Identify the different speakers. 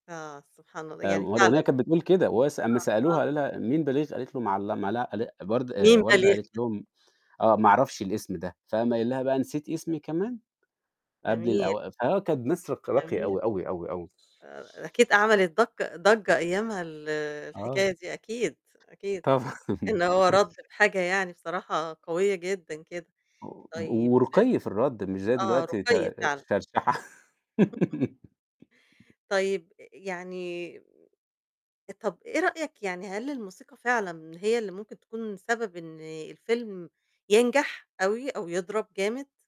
Speaker 1: آه، سبحان الله،
Speaker 2: آآ،
Speaker 1: يعني
Speaker 2: ما
Speaker 1: فعلًا
Speaker 2: الأغنية كانت بتقول كده، وس أمّا
Speaker 1: آه،
Speaker 2: سألوها
Speaker 1: آه.
Speaker 2: قالوا لها: "مين باليغ؟" قالت له: "معل لم" لا أل برد
Speaker 1: مين
Speaker 2: آآ
Speaker 1: ده
Speaker 2: وردة
Speaker 1: اللي
Speaker 2: قالت
Speaker 1: يخد
Speaker 2: لهم: "آه، ما أعرفش الاسم ده." فقام قايل لها بقى "نسيتِ اسمي كمان؟" قبل
Speaker 1: جميل.
Speaker 2: الأو فآه كانت ناس رق راقية
Speaker 1: جميل.
Speaker 2: أوي، أوي، أوي، أوي.
Speaker 1: آآ، أكيد أعمل دق ضجّة أيامها ال
Speaker 2: آه.
Speaker 1: الحكاية دي، أكيد، أكيد،
Speaker 2: طبعًا.
Speaker 1: إنه هو رَد بحاجة يعني بصراحة قوية جدًا كده.
Speaker 2: و
Speaker 1: طيب
Speaker 2: ورُقي في الرَد مش زي
Speaker 1: آه،
Speaker 2: دلوقتي ت
Speaker 1: رُقَي فعلًا.
Speaker 2: شرشحة.
Speaker 1: طيب ي يعني آآ، طَب إيه رأيك يعني هل الموسيقى فعلًا هي اللي ممكن تكون سبب إن الفيلم ينجح أوي أو يضرب جامد؟